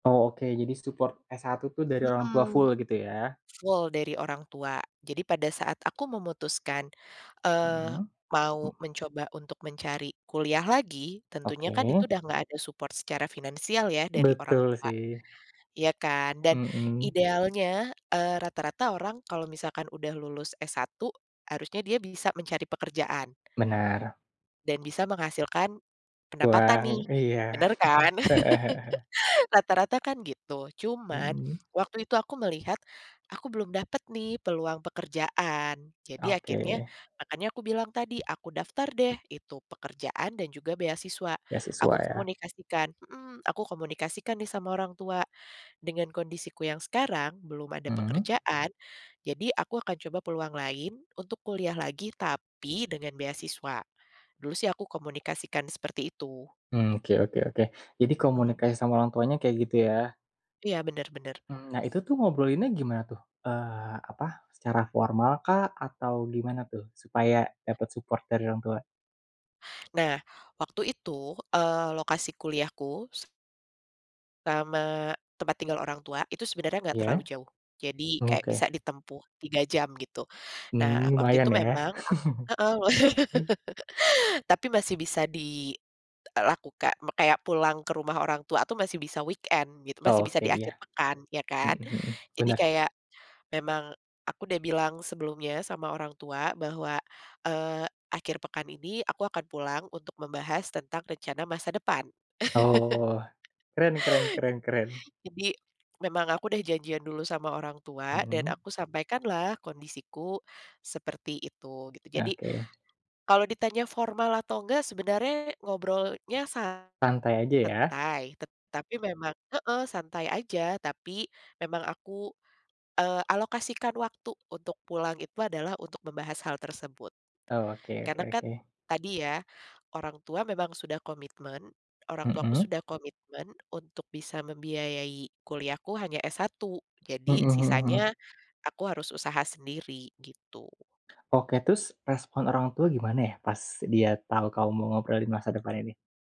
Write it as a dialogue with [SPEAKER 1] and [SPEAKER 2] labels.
[SPEAKER 1] Oh, oke, jadi support S1 itu dari orang tua
[SPEAKER 2] Mhm.
[SPEAKER 1] full gitu ya.
[SPEAKER 2] Full dari orang tua. Jadi pada saat aku memutuskan, eee,
[SPEAKER 1] Heeh.
[SPEAKER 2] mau mencoba untuk mencari kuliah lagi, tentunya kan
[SPEAKER 1] Oke.
[SPEAKER 2] itu udah enggak ada support secara finansial ya dari orang
[SPEAKER 1] Betul
[SPEAKER 2] tua,
[SPEAKER 1] sih.
[SPEAKER 2] ya kan dan
[SPEAKER 1] Mhm.
[SPEAKER 2] idealnya, eee, rata-rata orang, kalau misalkan udah lulus S1 harusnya dia bisa mencari pekerjaan
[SPEAKER 1] Benar.
[SPEAKER 2] dan bisa menghasilkan pendapatan
[SPEAKER 1] Buang,
[SPEAKER 2] nih.
[SPEAKER 1] iya,
[SPEAKER 2] Bener kan?
[SPEAKER 1] heeh heeh.
[SPEAKER 2] Rata-rata kan gitu, cuman
[SPEAKER 1] Mhm.
[SPEAKER 2] waktu itu aku melihat, aku belum dapet nih peluang pekerjaan. Jadi akhirnya,
[SPEAKER 1] Oke.
[SPEAKER 2] makanya aku bilang tadi aku daftar deh itu pekerjaan dan juga beasiswa.
[SPEAKER 1] Beasiswa
[SPEAKER 2] Aku
[SPEAKER 1] ya.
[SPEAKER 2] komunikasikan mhm, aku komunikasikan nih sama orang tua, dengan kondisiku yang sekarang belum ada
[SPEAKER 1] Mhm.
[SPEAKER 2] pekerjaan jadi aku akan coba peluang lain untuk kuliah lagi tapi, dengan beasiswa. Dulu sih aku komunikasikan seperti itu.
[SPEAKER 1] Mhm, oke oke oke. Jadi
[SPEAKER 2] Mhm.
[SPEAKER 1] komunikasi sama orang tuanya kayak gitu ya.
[SPEAKER 2] Iya, bener bener.
[SPEAKER 1] Mhm, nah, itu tuh ngobrolinnya gimana tuh? Eee, apa? Secara formal kah? Atau gimana tuh supaya dapet support dari orang tua?
[SPEAKER 2] Nah, waktu itu, eee, lokasi kuliahku sama tempat tinggal orang tua, itu sebenarnya enggak terlalu
[SPEAKER 1] Iya.
[SPEAKER 2] jauh. Jadi
[SPEAKER 1] Oh,
[SPEAKER 2] kayak
[SPEAKER 1] oke.
[SPEAKER 2] bisa ditempuh 3 jam gitu. Nah,
[SPEAKER 1] Mhm,
[SPEAKER 2] waktu itu
[SPEAKER 1] lumayan ya.
[SPEAKER 2] memang, a heeh. Tapi masih bisa dilakukan. Kayak pulang ke rumah orang tua tuh masih bisa weekend gitu. Masih bisa
[SPEAKER 1] Oke,
[SPEAKER 2] di
[SPEAKER 1] iya.
[SPEAKER 2] akhir pekan, ya kan.
[SPEAKER 1] Mhm mhm.
[SPEAKER 2] Jadi
[SPEAKER 1] Bener.
[SPEAKER 2] kayak memang aku udah bilang sebelumnya sama orang tua bahwa, eee, akhir pekan ini aku akan pulang untuk membahas tentang rencana masa depan.
[SPEAKER 1] Oh, keren keren keren keren.
[SPEAKER 2] Jadi, memang aku udah janjian dulu sama orang tua dan
[SPEAKER 1] Mhm.
[SPEAKER 2] aku sampaikanlah kondisiku seperti itu, gitu. Jadi,
[SPEAKER 1] Oke.
[SPEAKER 2] kalau ditanya formal atau enggak, sebenarnya ngobrolnya
[SPEAKER 1] Santai aja ya?
[SPEAKER 2] santai. Tetapi memang heeh, santai aja. Tapi memang aku, eee, alokasikan waktu untuk pulang itu adalah untuk membahas hal tersebut.
[SPEAKER 1] Oke oke
[SPEAKER 2] Karena kan
[SPEAKER 1] oke.
[SPEAKER 2] tadi ya, orang tua memang sudah komitmen, orang tuaku
[SPEAKER 1] Mhm.
[SPEAKER 2] sudah komitmen untuk bisa membiayai kuliah ku hanya S1.
[SPEAKER 1] Mhm
[SPEAKER 2] Jadi
[SPEAKER 1] mhm mhm.
[SPEAKER 2] sisanya, aku harus usaha sendiri gitu.
[SPEAKER 1] Oke, terus respon orang tua gimana ya pas dia tau kamu mau ngobrolin masa depan ini?